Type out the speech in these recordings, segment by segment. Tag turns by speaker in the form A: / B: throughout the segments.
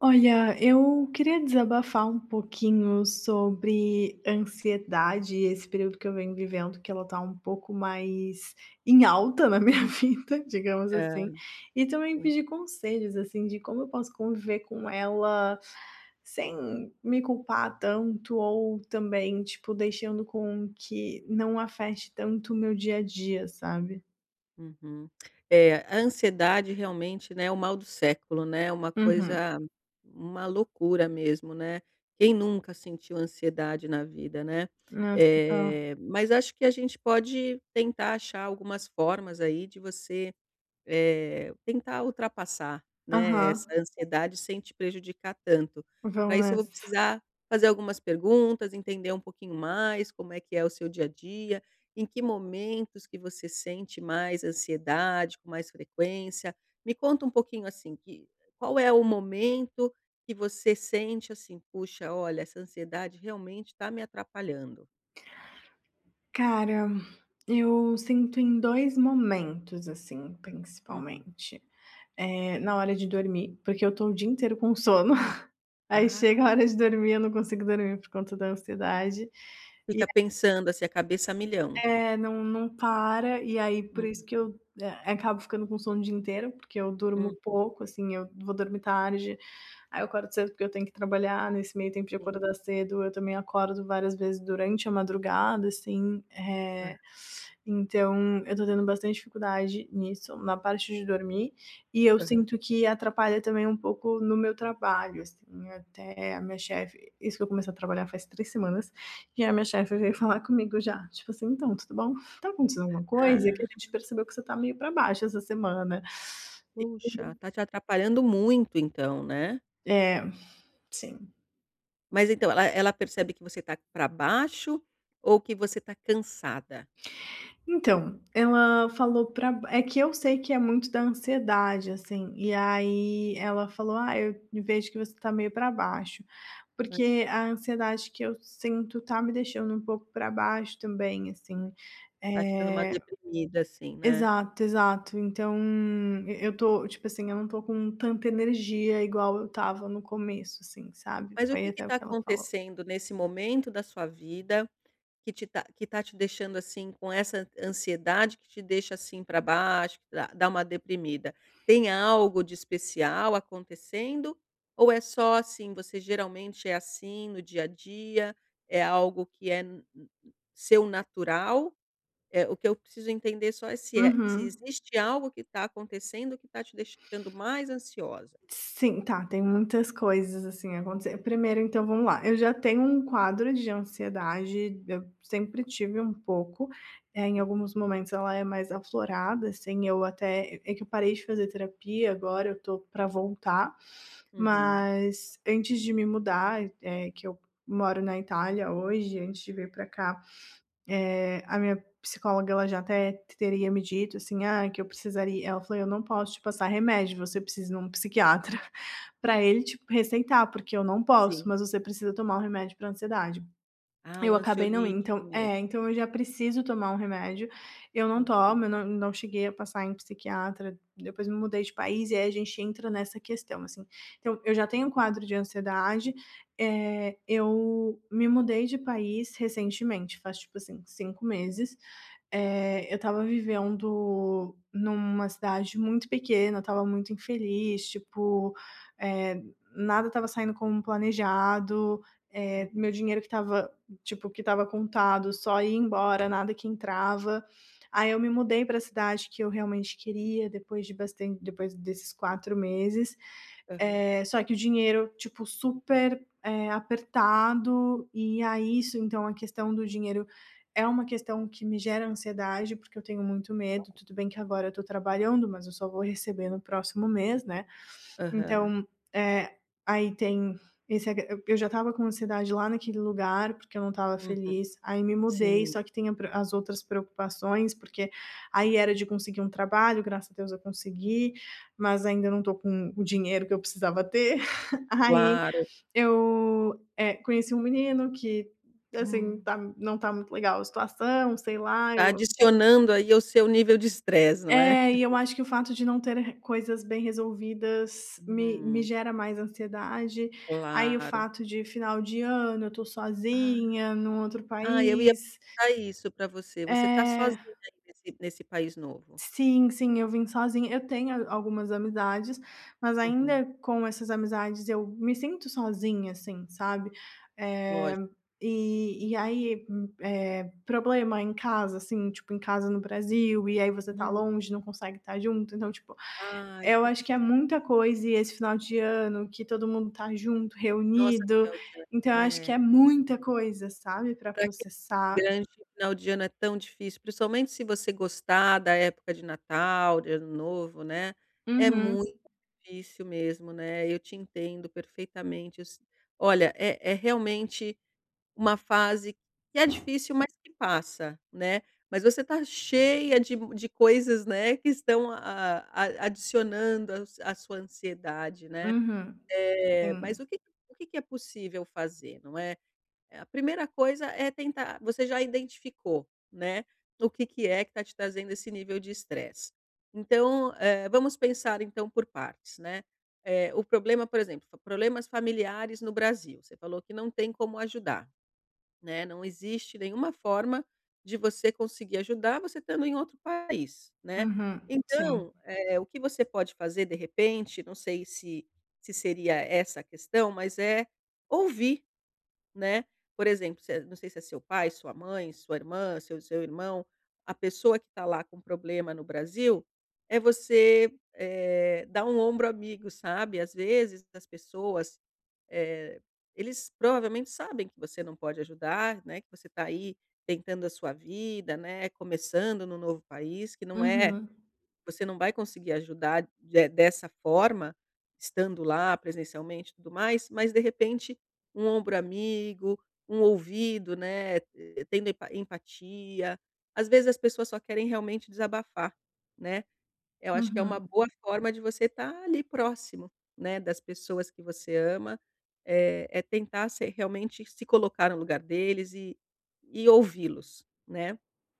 A: Olha, eu queria desabafar um pouquinho sobre ansiedade e esse período que eu venho vivendo, que ela tá um pouco mais em alta na minha vida, digamos
B: Ah,
A: assim. E também
B: sim.
A: pedir conselhos, assim, de como eu posso conviver com ela sem me culpar tanto, ou também, tipo, deixando com que não afete tanto o meu dia a dia, sabe?
B: Uhum. É, a ansiedade realmente, né, é o mal do século, né. Uma
A: Uhum.
B: coisa uma loucura mesmo, né. Quem nunca sentiu ansiedade na vida, né.
A: Nossa, tá.
B: Eh, mas acho que a gente pode tentar achar algumas formas, aí, de você, eh, tentar ultrapassar, né, essa
A: Aham.
B: ansiedade sem te prejudicar tanto. Para
A: Vamos
B: isso, eu vou
A: nessa.
B: precisar fazer algumas perguntas, entender um pouquinho mais como é que é o seu dia a dia, em que momentos que você sente mais ansiedade, com mais frequência. Me conta um pouquinho, assim, que qual é o momento que você sente, assim: "Puxa, olha, essa ansiedade, realmente, tá me atrapalhando".
A: Cara, eu sinto em 2 momentos, assim,
B: Uhum.
A: principalmente. Eh, na hora de dormir, porque eu estou o dia inteiro com sono. Aí chega a hora
B: Ah.
A: de dormir, eu não consigo dormir por conta da ansiedade, e,
B: Fica
A: eh
B: pensando, assim, a cabeça milhão.
A: É, não não para, e aí, por isso que
B: Uhum.
A: eu, eh, acabo ficando com sono o dia inteiro, porque eu durmo
B: Uhum.
A: pouco, assim. Eu vou dormir tarde, aí eu acordo cedo porque eu tenho que trabalhar, nesse meio tempo de
B: Sim.
A: acordar cedo, eu também acordo várias vezes durante a madrugada, assim.
B: Hã.
A: Eh, então eu estou tendo bastante dificuldade nisso, na parte de dormir, e eu
B: Aham.
A: sinto que atrapalha também um pouco no meu trabalho, assim, até a minha chefe isso que eu comecei a trabalhar faz 3 semanas, e a minha chefe veio falar comigo já. Tipo assim: "Então, tudo bom? Tá acontecendo alguma coisa? Porque
B: Ah.
A: a gente percebeu que você está meio pra baixo essa semana". E
B: Puxa, está te atrapalhando muito, então, né?
A: É, sim.
B: Mas então, ela ela percebe que você está pra baixo, ou que você está cansada?
A: Então, ela falou pra b é que eu sei que é muito da ansiedade, assim. E aí, ela falou: "Ah, eu vejo que você tá meio pra baixo".
B: É.
A: Porque a ansiedade que eu sinto tá me deixando um pouco pra baixo também, assim,
B: Tá te dando uma
A: eh
B: deprimida, assim, né?
A: exato, exato. Então, e eu estou, tipo assim, eu não estou com tanta energia igual eu estava no começo, assim, sabe.
B: Mas o
A: Foi
B: que que
A: até o
B: está
A: que ela falou.
B: acontecendo nesse momento da sua vida que te tá que está te deixando, assim, com essa ansiedade que te deixa, assim, pra baixo, que dá dá uma deprimida? Tem algo de especial acontecendo ou é só, assim, você geralmente é assim, no dia a dia, é algo que é n n seu natural? Eh, o que eu preciso entender só é se é se
A: Uhum.
B: existe algo que está acontecendo, que tá te deixando mais ansiosa.
A: Sim, tá, tem muitas coisas, assim, acontecendo. Primeiro, então vamos lá, eu já tenho um quadro de ansiedade, eu sempre tive um pouco, eh, em
B: Uhum.
A: alguns momentos ela é mais aflorada, assim, eu até, eh é que eu parei de fazer terapia, agora eu tô para voltar.
B: Uhum.
A: Mas antes de me mudar e é que eu moro na Itália hoje, antes de vir para cá, eh, a minha psicóloga, ela já até t teria me dito, assim: "Ah, que eu precisaria" ela falou: "Eu não posso te passar remédio, você precisa ir em um psiquiatra, pra ele, tipo, receitar, porque eu não posso,
B: Sim.
A: mas você precisa tomar o remédio pra ansiedade".
B: Ah, um
A: Eu acabei não indo.
B: ansiolítico
A: Então, eh
B: mesmo.
A: então eu já preciso tomar um remédio. Eu não
B: Uhum.
A: tomo, eu não não cheguei a passar em psiquiatra. Depois me mudei de país, e aí a gente entra nessa questão, assim. Então, eu já tenho um quadro de ansiedade, eh, eu me mudei de país recentemente, faz tipo assim, 5 meses. Eh, eu estava vivendo numa cidade muito pequena, eu estava muito infeliz, tipo, eh, nada estava saindo como planejado. Eh, meu
B: Uhum.
A: dinheiro que estava, tipo, que estava contado, só ia embora, nada que entrava. Aí eu me mudei para a cidade que eu realmente queria, depois de bastan depois desses 4 meses,
B: Aham.
A: eh, só que o dinheiro, tipo, super, eh, apertado, e aí isso então a questão do dinheiro é uma questão que me gera ansiedade, porque eu tenho muito medo. Tudo bem que agora eu estou trabalhando, mas eu só vou receber no próximo mês, né.
B: Aham.
A: Então, eh, aí tem esse a eu já estava com ansiedade lá naquele lugar, porque eu não estava
B: Uhum.
A: feliz. Aí me mudei,
B: Sim.
A: só que tem a pre as outras preocupações, porque aí era de conseguir um trabalho, graças a Deus eu consegui, mas ainda não estou com o dinheiro que eu precisava ter. Aí
B: Claro.
A: eu, eh, conheci um menino que, assim,
B: Hum.
A: tá não tá muito legal a situação, sei lá,
B: Tá
A: eu
B: adicionando aí ao seu nível de estresse, não é?
A: É, e eu acho que o fato de não ter r coisas bem resolvidas me me
B: Hum.
A: gera mais ansiedade. Aí o
B: Claro.
A: fato de final de ano, eu tô
B: Ah.
A: sozinha, num outro
B: Ah, eu ia
A: país
B: perguntar isso para você. Você está
A: É.
B: sozinha aí nesse nesse país novo?
A: Sim, sim, eu vim sozinha. Eu tenho a algumas amizades, mas
B: Uhum.
A: ainda, com essas amizades, eu me sinto sozinha, assim, sabe. Eh,
B: Lógico.
A: e e aí m eh, problema em casa, assim, tipo em casa no Brasil, e aí você está
B: Hum.
A: longe, não consegue estar junto. Então, tipo,
B: Ai,
A: eu
B: que
A: acho que é
B: difícil.
A: muita coisa, e esse final de ano, que todo mundo tá junto,
B: Nossa
A: reunido.
B: [unintelligible]
A: Então eu acho que é
B: é.
A: muita coisa, sabe, pra
B: Pra que
A: processar.
B: [unintelligible] final de ano é tão difícil, principalmente se você gostar da época de Natal, de Ano Novo, né. É
A: Uhum.
B: muito difícil mesmo, né, eu te entendo perfeitamente, eu se olha, é é realmente uma fase que é difícil, mas que passa, né. Mas você está cheia de m de coisas, né, que estão a a adicionando a s a sua ansiedade, né.
A: Uhum.
B: É, mas
A: Sim.
B: o que o que que é possível fazer, não é? Eh, a primeira coisa é tentar você já identificou, né, o que que é que tá te trazendo esse nível de estresse. Então, eh, vamos pensar então por partes, né. Eh, o problema por exemplo, problemas familiares no Brasil, você falou que não tem como ajudar, né, não existe nenhuma forma de você conseguir ajudar, você estando em outro país, né.
A: Uhum, sim.
B: Então, eh, o que você pode fazer de repente, não sei se se seria essa a questão, mas é ouvir, né. Por exemplo, se é não sei se é seu pai, sua mãe, sua irmã, seu seu irmão, a pessoa que está lá com problema no Brasil, é você, eh, dar um ombro amigo, sabe. Às vezes das pessoas, eh, eles provavelmente sabem que você não pode ajudar, né, que você tá aí tentando a sua vida, né, começando no novo país, que não é
A: Uhum.
B: você não vai conseguir ajudar de dessa forma, estando lá presencialmente e tudo mais, mas de repente, um ombro amigo, um ouvido, né, eh, tendo empa empatia. Às vezes as pessoas só querem realmente desabafar, né? Eu acho que é uma
A: Uhum.
B: boa forma de você estar ali próximo, né, das pessoas que você ama. Eh, é tentar se realmente se colocar no lugar deles e e ouvi-los, né.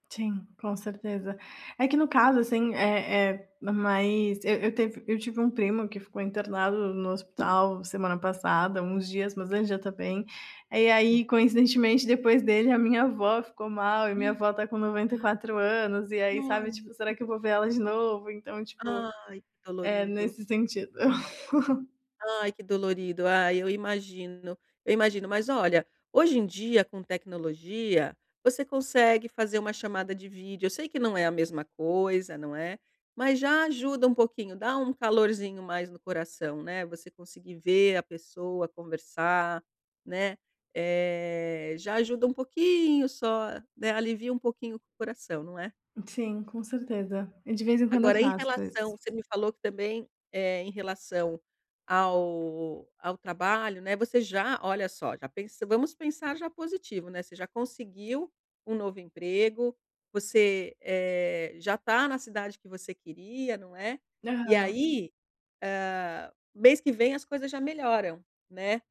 A: Sim, com certeza. É que no caso, assim, eh, eh, mas eu eu teve eu tive um primo que ficou internado no no hospital semana passada, uns dias. Mas ele já tá bem. E
B: Hum.
A: aí, coincidentemente, depois dele, a minha avó ficou mal e
B: Hã!
A: minha avó está com 94 anos e aí
B: Ai, ai
A: sabe,
B: meu
A: tipo: "Será
B: Deus!
A: que eu vou ver ela de novo?". Então, tipo,
B: Ai, que
A: é
B: dolorido!
A: nesse sentido.
B: Ai, que dolorido! Ah, eu imagino, eu imagino. Mas olha, hoje em dia, com tecnologia, você consegue fazer uma chamada de vídeo. Eu sei que não é a mesma coisa, não é. Mas já ajuda um pouquinho, dá um calorzinho mais no coração, né, você conseguir ver a pessoa conversar, né. Eh, já ajuda um pouquinho só, né, alivia um pouquinho o coração, não é?
A: Sim, com certeza e de vez em quando eu
B: Agora em
A: faço
B: relação
A: isso.
B: você me falou que também, eh, em relação ao ao trabalho, né, você já Olha só, já pensa Vamos pensar já positivo, né. Você já conseguiu um novo emprego, você, eh, já tá na cidade que você queria, não é? E
A: Aham.
B: aí, ah, mês que vem, as coisas já melhoram, né.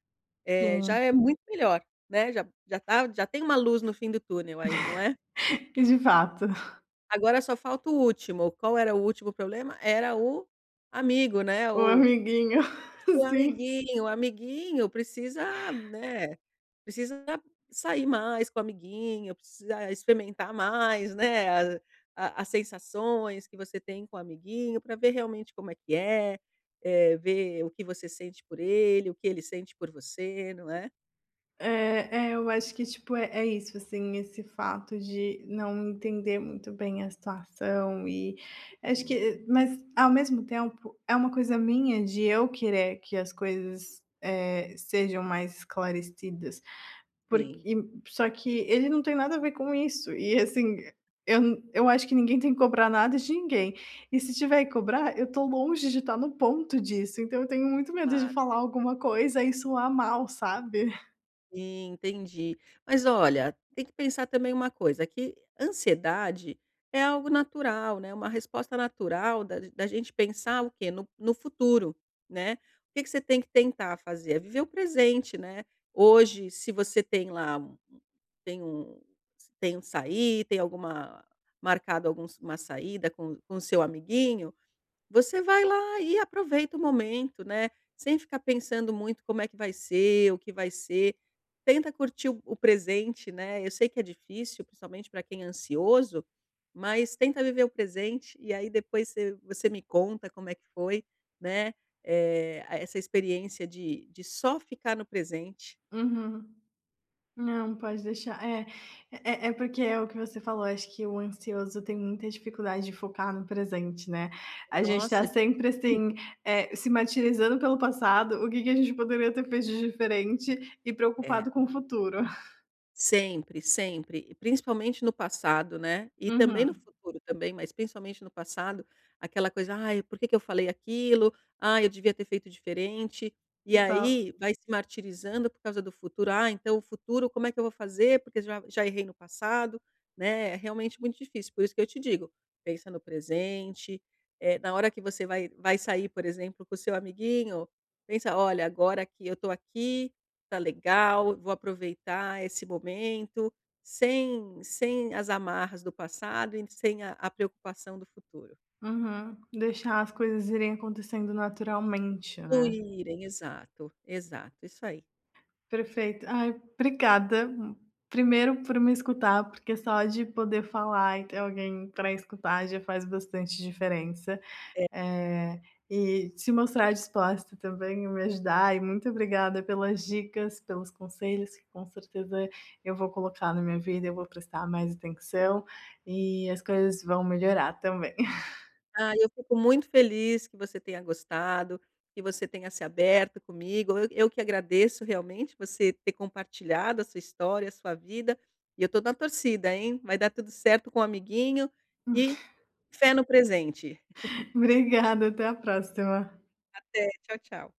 B: Eh, já
A: Sim.
B: é muito melhor, né, já já tá já tem uma luz no fim do túnel aí, não é?
A: E de fato.
B: Agora só falta o último. Qual era o último problema? Era o amigo, né,
A: O
B: o
A: amiguinho.
B: o
A: Sim.
B: amiguinho, o amiguinho precisa na precisa sair mais com o amiguinho, precisa experimentar mais, né, a a as sensações que você tem com o amiguinho. Pra ver realmente como é que é. Eh, ver o que você sente por ele, o que ele sente por você, não é?
A: É é eu acho que tipo, é é isso assim, esse fato de não entender muito bem a situação e acho
B: Hum.
A: que mas ao mesmo tempo, é uma coisa minha, de eu querer que as coisas, eh, sejam mais esclarecidas,
B: Sim.
A: porque só que ele não tem nada a ver com isso, e assim eu eu acho que ninguém tem que cobrar nada de ninguém, e se tiver que cobrar, eu tô longe de tá no ponto disso, então, eu tenho muito medo de
B: Claro.
A: falar alguma coisa e soar mal, sabe?
B: Sim, entendi. Mas olha, tem que pensar também uma coisa, que ansiedade é algo natural, né, uma resposta natural da da gente pensar o quê? No no futuro, né. O que que você tem que tentar fazer? É viver o presente, né. Hoje, se você tem lá, u u tem um tem um sair, tem alguma marcado alguns uma saída com com o seu amiguinho, você vai lá e aproveita o momento, né, sem ficar pensando muito como é que vai ser, o que vai ser, tenta curtir o o presente, né? Eu sei que é difícil, principalmente pra quem é ansioso, mas tenta viver o presente, e aí depois você você me conta como é que foi, né, eh, essa experiência de de só ficar no presente.
A: Uhum. Não, pode deixar, eh eh, é porque é o que você falou. Acho que o ansioso tem muita dificuldade de focar no presente, né? A gente tá
B: Nossa!
A: sempre assim,
B: Lindo.
A: eh, se martirizando pelo passado, o que que a gente poderia ter feito de diferente, e
B: É.
A: preocupado com o futuro.
B: Sempre, sempre e principalmente no passado, né, e também no
A: Uhum.
B: futuro, também, mas principalmente no passado, aquela coisa: "Ai, por que que eu falei aquilo? Ai, eu devia ter feito diferente". E
A: Total.
B: aí, vai se martirizando por causa do futuro. "Ai, então, o futuro como é que eu vou fazer? Porque já já errei no passado". Né? É realmente muito difícil, por isso que eu te digo: "Pensa no presente". Eh, na hora que você vai vai sair, por exemplo, com o seu amiguinho, pensa: "Olha, agora que eu tô aqui, tá legal, vou aproveitar esse momento sem sem as amarras do passado e sem a a preocupação do futuro".
A: Uhum, deixar as coisas irem acontecendo naturalmente, né.
B: Fluírem. Exato, exato. Isso aí.
A: Perfeito. Ai, obrigada, primeiro por me escutar, porque é só de poder falar e ter alguém para escutar, já faz bastante diferença,
B: É.
A: eh, e se mostrar disposta também e me ajudar, e muito obrigada pelas dicas, pelos conselhos que com certeza eu vou colocar na minha vida, eu vou prestar mais atenção e as coisas vão melhorar também.
B: Ah, eu fico muito feliz que você tenha gostado, que você tenha se aberto comigo. Eu eu que agradeço, realmente você ter compartilhado a sua história, a sua vida e eu tô na torcida, hein. Vai dar tudo certo com o amiguinho
A: Hum.
B: e fé no presente!
A: Obrigada. Até a próxima.
B: Até. Tchau, tchau.